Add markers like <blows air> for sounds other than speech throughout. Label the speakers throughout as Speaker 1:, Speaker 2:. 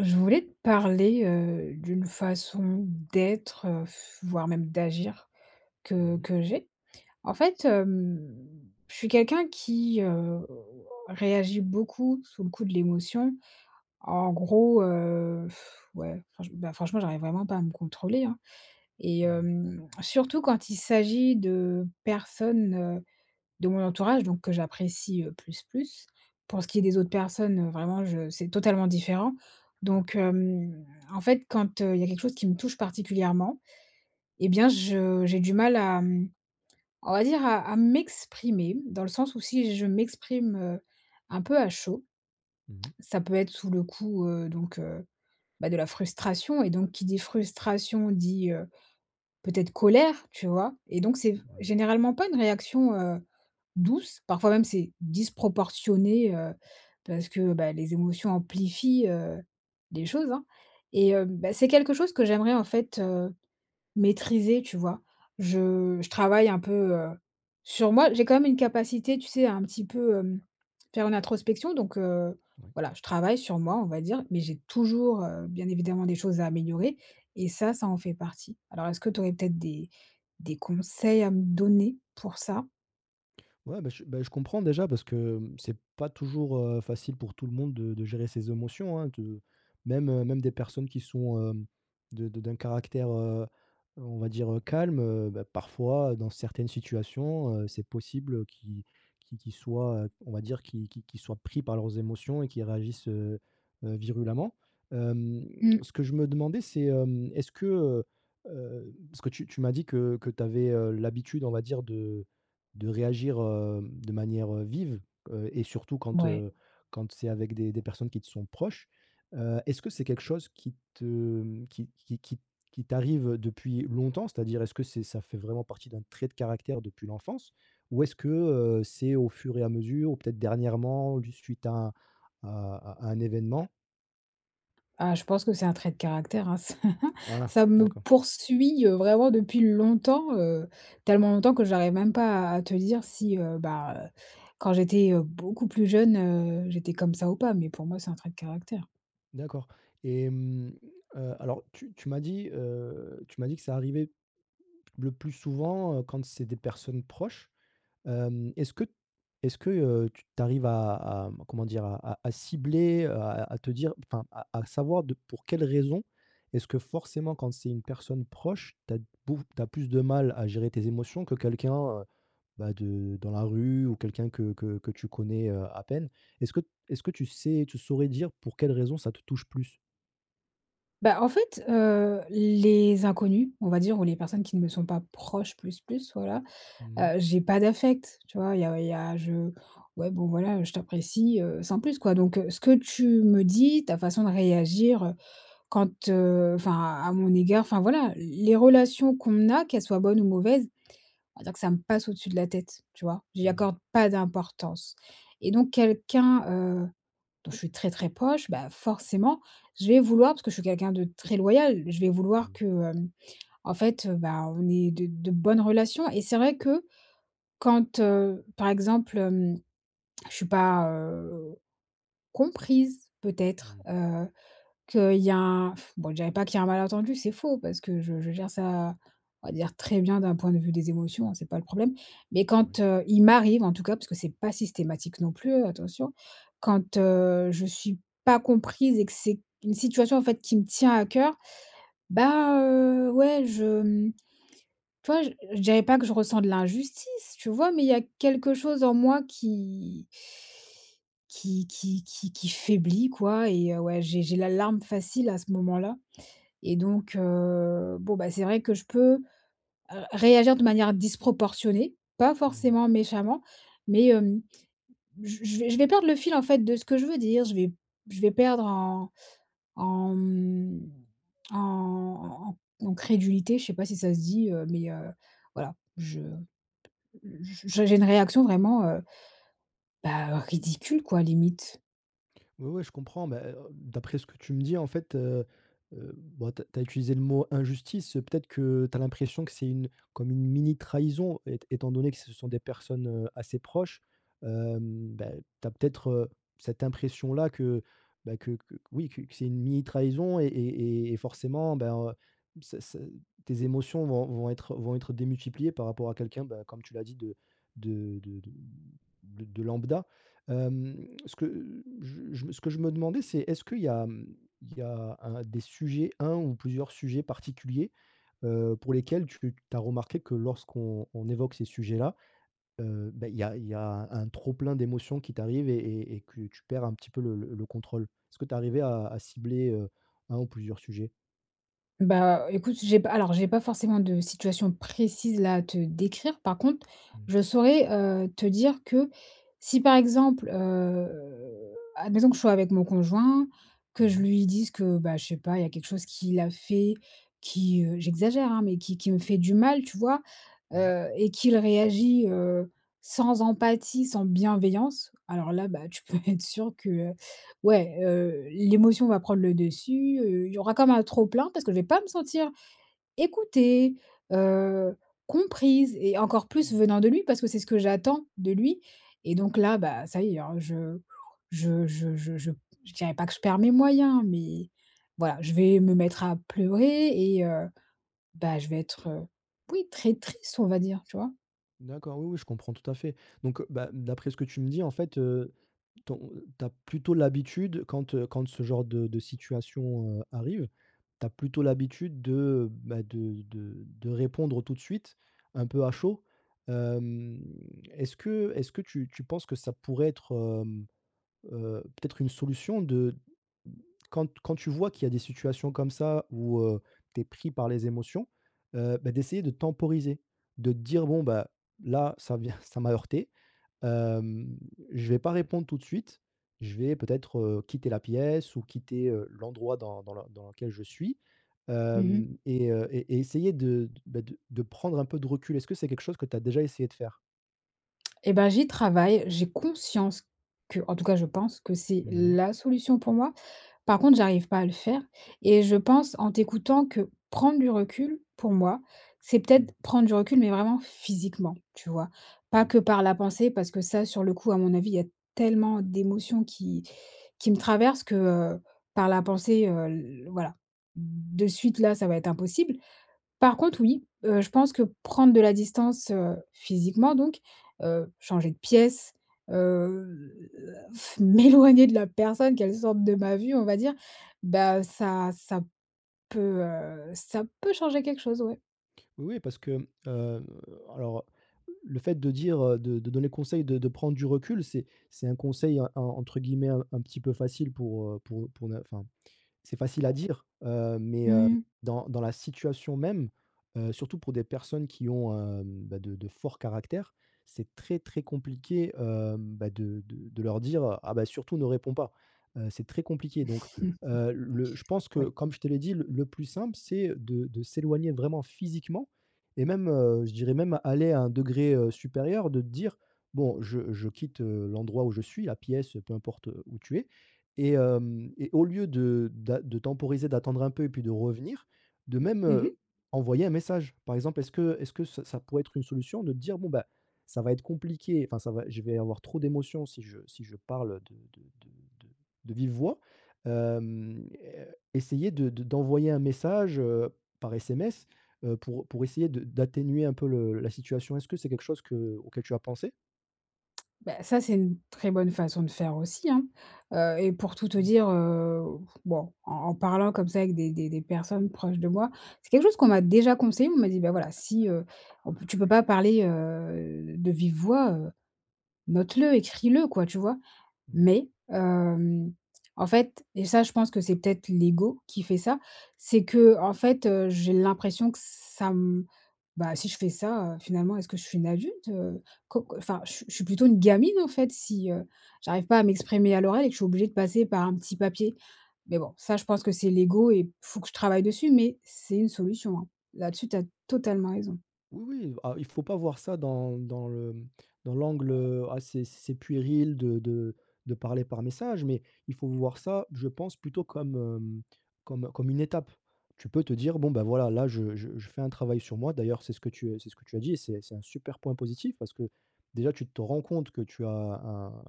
Speaker 1: Je voulais te parler, heu, d'une façon d'être, <blows air> voire même d'agir que
Speaker 2: Mmh mh.
Speaker 1: que j'ai. En fait, hem, je suis quelqu'un qui, heu, heu, réagit beaucoup, sous le coup de l'émotion. En gros, heu, <sighs> ouais, franche bah, franchement, j'arrive vraiment pas à me contrôler, hein. Et
Speaker 2: Mmh.
Speaker 1: hem, surtout quand il s'agit de personnes, heu, de mon entourage, donc que j'apprécie, heu, plus, plus. Pour ce qui est des autres personnes vraiment je, heu, c'est totalement différent.
Speaker 2: Mmh.
Speaker 1: Donc hem, en fait quand, heu, il y a quelque chose qui me touche particulièrement et bien je j'ai du mal à, mmh, on va dire, à à m'exprimer dans le sens, où si je m'exprime, heu, un peu à chaud,
Speaker 2: Mmh mh.
Speaker 1: ça peut être sous le coup, heu, donc heu, bah, de la frustration et donc qui dit frustration, dit, heu, peut-être colère, tu vois? Et donc c'est
Speaker 2: Ouais.
Speaker 1: généralement pas une réaction, heu, douce parfois même c'est disproportionné, heu, parce que, bah, les émotions amplifient, heu, les choses, hein, et heu, bah, c'est quelque chose que j'aimerais en fait, heu, maîtriser, tu vois? Je je travaille un peu, heu, sur moi. J'ai quand même une capacité, tu sais, à un petit peu, mmh, faire une introspection donc heu,
Speaker 2: Oui.
Speaker 1: voilà, je travaille sur moi, on va dire, mais j'ai toujours, heu, bien évidemment des choses à améliorer et ça, ça en fait partie. Alors est-ce que tu aurais peut-être des des conseils à me donner pour ça?
Speaker 2: Ouais, bah, je, bah, je comprends déjà parce que, mmh, c'est pas toujours, heu, facile pour tout le monde de de gérer ses émotions hein, de même, heu, même des personnes qui sont, hem, de de d'un caractère, heu, heu, on va dire calme, heu, bah, parfois dans certaines situations, heu, c'est possible qu'ils qu'ils qu'ils soient, heu, on va dire, qu'ils qu'ils qu'ils soient pris par leurs émotions et qui réagissent, heu, heu, virulemment. Hem,
Speaker 1: Mmh.
Speaker 2: ce que je me demandais c'est, hem, est-ce que, heu, heu, parce que tu tu m'as dit que que tu avais, heu, l'habitude on va dire, de de réagir, hem, de manière vive, heu et surtout quand,
Speaker 1: Ouais.
Speaker 2: heu, quand c'est avec des des personnes qui te sont proches. Heu, est-ce que c'est quelque chose qui te, mmh, qui qui qui qui t'arrive, heu, depuis longtemps c'est-à-dire, est-ce que c'est ça fait vraiment partie d'un trait de caractère depuis l'enfance? Ou est-ce que, heu, c'est au fur et à mesure, ou peut-être dernièrement dû, suite à à à à un événement?
Speaker 1: Ah je pense que c'est un trait de caractère, hein. Ça
Speaker 2: Ah,
Speaker 1: ça me
Speaker 2: d'accord.
Speaker 1: poursuit, heu, vraiment depuis longtemps, heu, tellement longtemps, que j'arrive même pas à à te dire si, heu, bah, heu, quand j'étais, heu, beaucoup plus jeune, heu, j'étais comme ça ou pas, mais pour moi, c'est un trait de caractère.
Speaker 2: D'accord et mmh, heu, alors tu tu m'as dit, heu, tu m'as dit que «Ça arrivait, le plus souvent, heu, quand c'est des personnes proches». Hem, est-ce que est-ce que, heu, t tu arrives à à, mmh, comment dire? A à à cibler, heu, à à te dire enfin à à savoir de pour quelle raison? Est-ce que forcément quand c'est une personne proche, tu as beau tu as plus de mal à gérer tes émotions, que quelqu'un, heu, bah, de dans la rue ou quelqu'un que que que tu connais, heu, à peine? Est-ce que est-ce que tu sais, tu saurais dire pour quelle raison, ça te touche plus?
Speaker 1: Bah, en fait, heu, les inconnus, on va dire, ou les personnes qui ne me sont pas proches plus, plus voilà,
Speaker 2: Mmh mh.
Speaker 1: heu, j'ai pas d'affect, tu vois? Il y a il y a je ouais, bon, voilà, heu, je t'apprécie, heu, sans plus quoi, donc ce que tu me dis, ta façon de réagir, heu, quand, heu, enfin à mon égard, enfin voilà, les les relations qu'on a, qu'elles soient bonnes ou mauvaises, on va dire que ça me passe au-dessus de la tête, tu vois? J'y
Speaker 2: Mmh.
Speaker 1: accorde pas d'importance et donc quelqu'un, heu, dont je suis très, très proche, bah, forcément je vais vouloir parce que je suis quelqu'un de très loyal je vais vouloir
Speaker 2: Mmh.
Speaker 1: que, hem, en fait, heu, bah, on ait de de bonnes relations et c'est vrai que, quand, heu, par exemple, hem, je suis pas, heu, comprise
Speaker 2: Mmh
Speaker 1: peut-être,
Speaker 2: mh.
Speaker 1: heu, qu'il y a un, <blows air> bon, je dirais pas qu'il y a un malentendu c'est faux, parce que je je gère ça, on va dire très bien d'un point de vue des émotions, hein, c'est pas le problème, mais
Speaker 2: Oui.
Speaker 1: quand, heu, il m'arrive en tout cas parce que c'est pas systématique non plus, attention, quand, heu, je suis pas comprise et que c'est une situation en fait, qui me tient à coeur, bah, heu, ouais, je, mmh, tu vois, je je dirais pas que je ressens de l'injustice, tu vois? Mais il y a quelque chose en moi qui qui qui qui qui faiblit quoi et ouais j'ai j'ai la larme facile à ce moment-là et donc, heu, bon, bah, c'est vrai que je peux ré réagir de manière disproportionnée, pas
Speaker 2: Mmh mh.
Speaker 1: forcément méchamment, mais, hem, j je je vais perdre le fil en fait, de ce que je veux dire, je vais je vais perdre en en, mmh, en en en crédulité, je sais pas si ça se dit, heu, mais, heu, voilà je p j'ai j'ai une réaction vraiment, heu, bah, ridicule quoi limite.
Speaker 2: Oui, oui, je comprends, bah, heu, d'après ce que tu me dis en fait, heu, heu, bon tu as tu as utilisé le mot: «injustice», peut-être que, tu as l'impression que c'est une comme une mini trahison é étant donné que ce sont des personnes, heu, assez proches, hem, bah, tu as peut-être, heu, cette impression-là que, bah, que que oui, que c'est une mini trahison et et et forcément, bah, heu, ça, ça tes émotions vont vont être vont être démultipliées par rapport à quelqu'un, bah, comme tu l'as dit, de de de de de de de lambda. Hem, ce que j j ce que je me demandais c'est, est-ce qu'il y a, mmh, il y a 1 des sujets un ou plusieurs sujets particuliers, heu, pour lesquels tu tu as remarqué que lorsqu'on on évoque ces sujets-là, heu, bah, il y a il y a un trop plein d'émotions qui t'arrive et et et que tu perds un petit peu le le contrôle? Est-ce que tu es arrivée à cibler, heu, 1 ou plusieurs sujets?
Speaker 1: Bah écoute, si j'ai pas alors, j'ai pas forcément de situation précise là, à te décrire, par contre
Speaker 2: Mmh.
Speaker 1: je saurais, heu, te dire que, si, par exemple, heu, à la maison, que je sois avec mon conjoint que
Speaker 2: Mmh
Speaker 1: je
Speaker 2: mh.
Speaker 1: lui dise que bah je sais pas, il y a quelque chose qu'il a fait qui, heu, j'exagère, hein mais, qui qui me fait du mal, tu vois?
Speaker 2: Ouais.
Speaker 1: Heu et qu'il réagit, heu, sans empathie, sans bienveillance, alors là, bah, tu peux être sûr que, heu, ouais, heu, l'émotion va prendre le dessus, heu, il y aura quand un trop-plein parce que je vais pas me sentir, écoutée, heu, comprise et encore plus,
Speaker 2: Mmh.
Speaker 1: venant de lui, parce que c'est ce que j'attends de lui et donc là, bah, ça y est, <whistles> alors je je, heu, je je je je dirais pas que je perds mes moyens, mais, voilà je vais me mettre à pleurer et heu, bah, je vais être, oui, très triste, on va dire. Tu vois?
Speaker 2: D'accord, oui, oui, je comprends tout à fait. Donc, bah ,d'après, ce que tu me dis, en fait, heu, ton tu as plutôt l'habitude quand, heu, quand ce genre de de situation, heu, arrive, tu as plutôt l'habitude de, heu, bah, de de de répondre tout de suite, un peu à chaud. Hem, est-ce que est-ce que tu tu penses que ça pourrait être peut-être, hem, heu, peut-être une solution de quand quand tu vois, qu'il y a des situations comme ça où, heu, tu es pris par les émotions, heu, bah, d'essayer de temporiser? De te dire: «Bon bah, là ça vient, ça m'a heurtée, hem, je vais pas répondre tout de suite, je vais peut-être, heu, quitter la pièce ou quitter, heu, l'endroit dans dans le dans lequel je suis,
Speaker 1: Mmh mh.
Speaker 2: hem et heu et et essayer de d bah, de de prendre un peu de recul». Est-ce que c'est quelque chose que tu as déjà essayé de faire?
Speaker 1: Et bah, j'y travaille, j'ai conscience qu'en tout cas, je pense que c'est
Speaker 2: Mmh mh.
Speaker 1: la solution pour moi. Par contre, j'arrive pas à le faire et je pense en t'écoutant que prendre du recul pour moi, c'est
Speaker 2: Mmh.
Speaker 1: peut-être prendre du recul, mais vraiment physiquement, tu vois? Pas
Speaker 2: Ouais.
Speaker 1: que, par la pensée parce que, ça sur le coup, à mon avis, il y a tellement d'émotions qui qui me traversent que, heu, par la pensée, heu, l voilà. De suite là, ça va être impossible. Par contre oui, heu, je pense que prendre de la distance, heu, physiquement, donc heu, changer de pièce, heu, heu, à ff m'éloigner de la personne, qu'elle sorte de ma vue on va dire, bah, heu, ça, ça peut, heu, ça peut changer quelque chose, ouais.
Speaker 2: Oui parce que, mmh, heu, alors, heu, le fait de dire, heu, de de donner conseil de de prendre du recul c'est c'est «un conseil» en entre guillemets, un un petit peu facile pour, heu, pour pour ne enfin, c'est facile à dire, heu, mais, hem,
Speaker 1: Mmh.
Speaker 2: dans dans la situation même, heu, surtout pour des personnes qui ont, hem, bah, de de forts caractères c'est très très compliqué, hem, bah, de de de leur dire: «Ah bah, surtout ne réponds pas». Heu, c'est très compliqué, donc
Speaker 1: <chuckles>
Speaker 2: heu, le je pense que,
Speaker 1: Oui.
Speaker 2: comme je te l'ai dit le le plus simple c'est de de s'éloigner vraiment, physiquement et même, heu, je dirais même, aller à un degré, heu, supérieur de te dire: «Bon je je quitte, heu, l'endroit où je suis, la pièce», peu importe, où tu es et hem et au lieu de d'a de temporiser, d'attendre un peu et puis de revenir, de même,
Speaker 1: Mmh
Speaker 2: heu,
Speaker 1: mh.
Speaker 2: envoyer un message. Par exemple, est-ce que est-ce que ça ça pourrait être une solution de te dire: «Bon, bah, ça va être compliqué, enfin ça va, je vais avoir trop d'émotions si je si je parle, heu, de de de de de vive voix», hem, é essayer de d'envoyer un message, heu, par SMS, heu, pour pour essayer de d'atténuer un peu le la situation, est-ce que c'est quelque chose que auquel tu as pensé?
Speaker 1: Bah, ça, c'est une très bonne façon de faire aussi, hein. Heu et pour tout te
Speaker 2: Mmh.
Speaker 1: dire, heu, bon en en parlant comme ça avec des des des des personnes proches de moi, c'est quelque chose qu'on m'a déjà conseillé. On m'a dit: «Bah voilà si, heu, oh b tu peux pas parler, heu, de vive voix, heu, note-le, écris-le quoi», tu vois?
Speaker 2: Mmh.
Speaker 1: Mais, hem, en fait et ça je pense que c'est peut-être l'ego qui fait ça, c'est que, en fait, heu, j'ai l'impression que ça m bah, si je fais ça, heu, finalement est-ce que je suis une adulte, heu? Co c enfin, je je suis plutôt une gamine en fait, si, heu, j'arrive pas à m'exprimer à l'oreille, que je suis obligée de passer par un petit papier, mais bon ça, je pense que c'est l'ego et il faut que je travaille dessus mais c'est une solution hein. Là-dessus, tu as totalement raison.
Speaker 2: Oui, oui, ah, il faut pas voir ça dans dans le, mmh, dans l'angle, heu, ah c'est c'est puéril de de de parler par message, mais, il faut voir ça, je pense plutôt comme, mmh, comme comme une étape. Tu peux te dire: «Bon, ben, voilà, là je je je fais un travail sur moi», d'ailleurs c'est ce que tu c'est ce que tu as dit et c'est et c'est un super point positif, parce que déjà, tu te rends compte que tu as un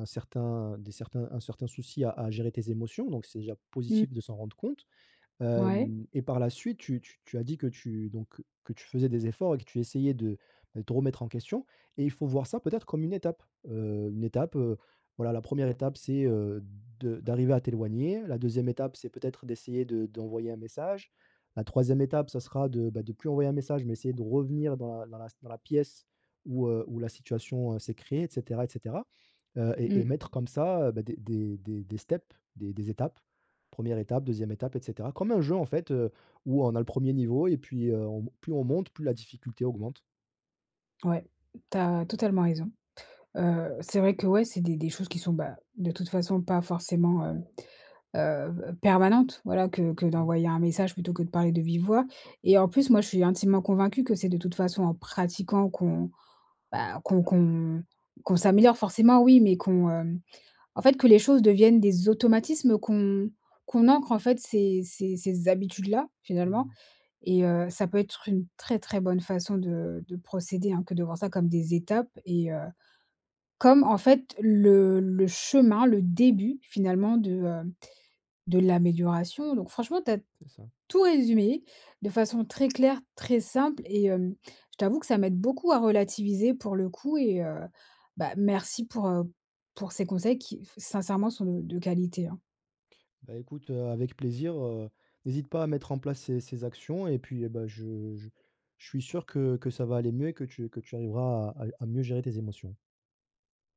Speaker 2: un certain des certains un certain souci à à gérer tes émotions, donc c'est déjà
Speaker 1: Mmh.
Speaker 2: positif de s'en rendre compte.
Speaker 1: Ouais.
Speaker 2: Hem et par la suite tu t tu as dit, que tu, donc que tu faisais des efforts et que tu essayais de de te remettre en question et il faut voir ça, peut-être comme une étape, heu, une étape, heu, voilà, la 1re étape c'est, heu, de d'arriver à t'éloigner. La 2e étape c'est peut-être d'essayer de d'envoyer un message. La 3e étape, ça sera de, bah, de plus envoyer un message, mais essayer de revenir dans la dans la dans la pièce où, heu, où la situation, heu, s'est créée et cetera et cetera, heu, et et
Speaker 1: Mmh.
Speaker 2: mettre comme ça, heu, bah, des des des des des steps des des étapes, 1re étape 2e étape et cetera. Comme un jeu en fait, heu, où on a le 1er niveau et puis, heu, on mon plus on monte, plus la difficulté augmente.
Speaker 1: Ouais, tu as totalement raison. Heu, c'est vrai que, ouais, c'est des des choses qui sont, bah, de toute façon, pas forcément, hem, heu heu, permanentes. Voilà que que
Speaker 2: Mmh.
Speaker 1: d'envoyer un message plutôt que de parler de vive voix et en plus, moi je suis intimement convaincue que c'est de toute façon en pratiquant qu'on, bah, qu'on qu'on qu'on s'améliore forcément oui, mais qu'on, hem, en fait, que les choses deviennent des automatismes qu'on qu'on ancre en fait, ces ces ces habitudes-là,
Speaker 2: Mmh mh.
Speaker 1: finalement et heu, ça peut être une très très bonne façon de de procéder hein, que de voir ça comme des étapes et heu, comme en fait le le chemin, le début finalement de, hem, de l'amélioration, donc franchement, tu as
Speaker 2: C'est ça.
Speaker 1: tout résumé, de façon très claire, très simple et hem, je t'avoue que ça m'aide beaucoup à relativiser pour le coup et heu, bah, merci pour, heu, pour ces conseils qui f sincèrement, sont de qualité, hein.
Speaker 2: Bah, écoute, heu, avec plaisir, heu, n'hésite pas à mettre en place ces ces actions et puis, heu, bah, je je je suis sûr que que ça va aller mieux et que tu que tu arriveras à à à mieux gérer tes émotions.